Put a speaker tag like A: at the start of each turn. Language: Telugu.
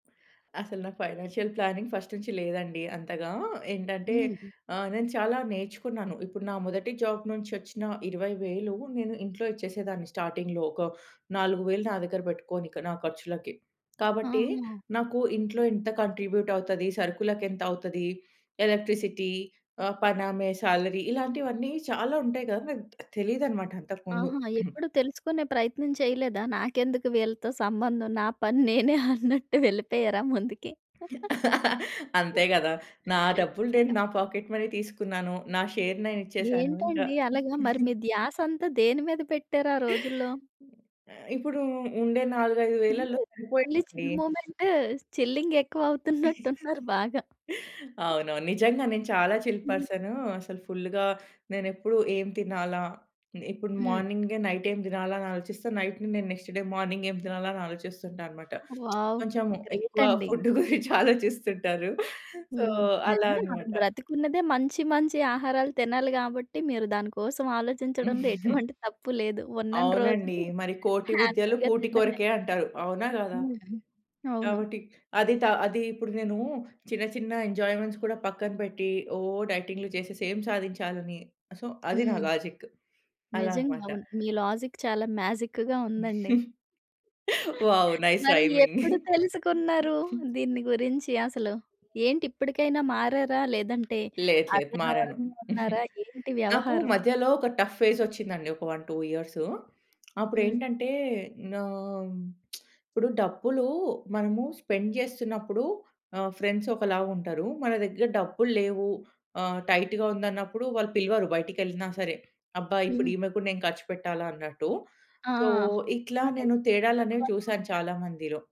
A: అసలు నాకు ఫైనాన్షియల్ ప్లానింగ్ ఫస్ట్ నుంచి లేదండి అంతగా. ఏంటంటే,
B: హుహు.
A: ఆ! నేను చాలా నేర్చుకున్నాను. ఇప్పుడు నా మొదటి జాబ్ నుంచొచ్చిన 20,000 నేను ఇంట్లో ఇచ్చేసేదాన్ని. స్టార్టింగ్‌లో ఒక 4,000 నా దగ్గర బెట్టుకోని ఇక నా ఖర్చులకి. కాబట్టి,
B: ఆహా!
A: నాకు ఇంట్లో ఇంత కాంట్రిబ్యూట్ అవుతది? సరుకులకెంతవుతది? ఎలక్ట్రిసిటీ? ఆ! పనామె శాలరీ? ఇలాంటివన్నీ, చాలా ఉంటయి గదా! నాకు తెలియదన‌మాట అంతకు ముందు.
B: ఆహా! ఎప్పుడూ తెలుసుకునే ప్రయత్నం చేయలేదా? నాకెందుకు వీళ్ళతో సంబంధం, నా పని నేనే అన్నట్టు వెళ్ళిపోయారా ముందుకి.
A: అంతే గదా! నా డబ్బులు నేను
B: అయ్యా!
A: నా పాకెట్ మనీ తీసుకున్నాను. నా షేర్ నేనిచ్చేశాను ఇంకా.
B: ఏంటండి అలగా? మరి మీ ధ్యాసంతా దేని మీద పెట్టారు ఆ రోజుల్లో?
A: ఆ! ఇప్పుడు ఉండే నాలుగైదు
B: చిల్.
A: వేలల్లో
B: ఓన్లీ
A: సరిపోయే‌వండి.
B: చిల్ మొమెంట్ చిల్లింగ్ ఎక్కువ అవుతున్నట్టున్నారు బాగా.
A: అవునవును. నిజంగా నేను చాలా చిల్
B: హ్మ్.
A: పర్సను. అసలు ఫుల్‌గా నేనెప్పుడు ఏం తినాలా? ఇప్పుడు
B: హ్మ్.
A: మార్నింగే నైటేం దినాలా అని ఆలోచిస్తా, నైట్‌ని నేను నెక్స్ట్ డే మార్నింగ్ ఏం తినాలా అని ఆలోచిస్తుంటా అన‌మాట.
B: వావ్!
A: కొంచెము
B: గ్రేట్
A: ఎక్కువ
B: అండి.
A: ఫుడ్ గురించి ఆలోచిస్తుంటారు. సో,
B: హ్మ్.
A: అలా
B: నిజంగా మనం
A: అన‌మాట.
B: బ్రతికున్నదే మంచి, మంచి ఆహారాలు తినాలి గాబట్టి. మీరు దాని కోసం ఆలోచించడంలో ఎటువంటి తప్పు లేదు. ఉన్నని
A: అవునండి.
B: రోజులు
A: మరి కోటి విద్యలు
B: హ్యాపీ‌గా
A: కూటి
B: తిండమే.
A: కొరకే అంటారు. అవునా? గాదా?
B: హ్మ్. అవును.
A: కాబట్టి, అది తా అది ఇప్పుడు నేను చిన్న, చిన్న ఎంజాయ్‌మెంట్స్ కూడా పక్కన పెట్టి, ఒ డైటింగ్లు చేసేసి ఏం సాధించాలని? సో, అది నా
B: హ్మ్.
A: లాజిక్. అలా
B: నిజంగ
A: అన‌మాట.
B: అవును. మీ లాజిక్ చాలా మ్యాజిక్‌గా ఉందండి.
A: వావ్! నైస్
B: మరి
A: రైమింగ్.
B: ఎప్పుడు తెలుసుకున్నారు దీన్ని గురించి అసలు? ఏంటి ఇప్పటికైనా మారారా? లేదంటే,
A: లేదు లేదు.
B: అదే
A: మారను.
B: ధోరణిగా ఉన్నారా? ఏంటి
A: నాకు
B: వ్యవహారం?
A: మధ్యలో ఒక టఫ్ ఫేజ్ ఒచ్చిందండి ఒక 1, 2 ఇయర్స్.
B: హ్మ్.
A: అప్పుడేంటంటే, నా ఇప్పుడు డబ్బులు మనము స్పెండ్ జేస్తున్నప్పుడు ఆ! ఫ్రెండ్స్ ఒకలా ఉంటరు. మన దగ్గర డబ్బు‌ల్లేవు ఆ! టైట్‌గా ఉందన్నప్పుడు వాళ్ళు పిలవరు బయటికెళ్ళినా సరే. అబ్బా! ఇప్పుడు
B: హ్మ్.
A: ఈమె‌ గూడా నేను ఖర్చు పెట్టాలా అన్నట్టు.
B: ఆ!
A: సో, ఇట్లా
B: నిజమేలే.
A: నేను తేడాలనేవి
B: ఇలా‌క్కూడా
A: చూశాను
B: ఉంటారు.
A: చాలా మందిలో.